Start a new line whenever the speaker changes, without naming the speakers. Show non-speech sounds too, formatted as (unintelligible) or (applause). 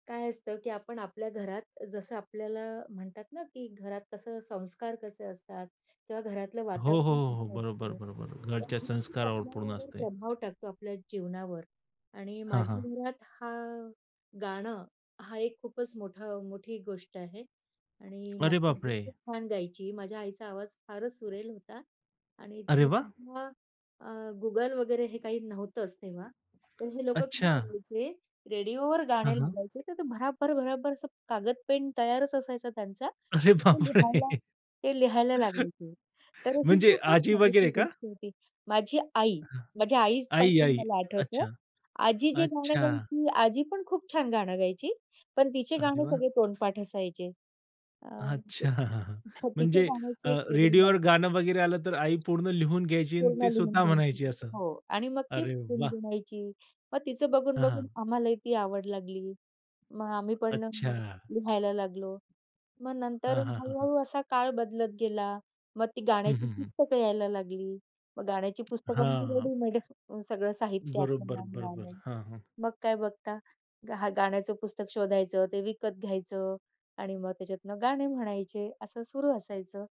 काय असतं, की आपण आपल्या घरात जसं आपल्याला म्हणतात ना, की घरात कसं संस्कार कसे असतात किंवा घरातलं
हो, हो,
वातावरण
हो, हो.
कसं
बरोबर,
असतं
बरोबर. घरच्या
(unintelligible)
संस्कारावर पूर्ण
आपल्यावर
असते.
प्रभाव टाकतो आपल्या जीवनावर. आणि
हां,
माझ्या
हां.
घरात हा, गाणं हा एक खूपच मोठा मोठी गोष्ट आहे. आणि
अरे
माझी आई
बापरे!
खूप छान गायची. माझ्या आईचा आवाज फारच सुरेल होता. आणि
अरे
ती
वाह!
तेव्हा अ, Google वगैरे हे काही नव्हतंच तेव्हा. तर हे लोकं काय
अच्छा.
करायचे, रेडिओवर
हां,
गाणे
हां.
लावायचे. तर ते भराभर, भराभर असं कागद, पेन तयारच असायचा त्यांचा.
अरे
मग ते लिहायला
बापरे!
ते लिहायला
(chuckles)
लागायचे. तर ही
म्हणजे
खूपच
आजी
मजेची
वगैरे
ती
का?
गोष्ट होती. माझी आई,
अ, हां.
माझ्या
आई,
आईपासून
आई.
मला आठवतं,
अच्छा.
आजी जे गाणं
अच्छा.
गायची, आजी पण खूप छान गाणं गायची. पण तिचे
अरे
गाणे
वाह!
सगळे तोंडपाठ असायचे. अ,
अच्छा! (chuckles)
तर तिच्या
म्हणजे अ,
गाण्याची एक वेगळी.
रेडिओवर
(unintelligible)
गाणं वगैरे आलं तर आई पूर्ण लिहून घ्यायची आणि
पूर्ण
ती
लिहून
स्वतः
घ्यायची.
म्हणायची असं?
हो आणि मग ती
अरे वाह!
गुणगुणायची. मग तिचं
हां,
बघून-बघून
हां.
आम्हालाही ती आवड लागली. मग आम्ही पण
अच्छा.
लिहायला लागलो. मग नंतर
हां, हां, हां, हां.
हळू-हळू असा काळ बदलत गेला. मग ती
हं,
गाण्याची
हं, हं.
पुस्तकं यायला लागली. मग गाण्याची पुस्तकं म्हणजे
हां.
रेडीमेड सगळं साहित्य
बरोबर,
आपल्याला
बरोबर.
मिळालं.
हां, हां.
मग काय बघता. हां, गाण्याचं पुस्तक शोधायचं. ते विकत घ्यायचं आणि मग त्याच्यातनं गाणे म्हणायचे असं सुरू असायचं.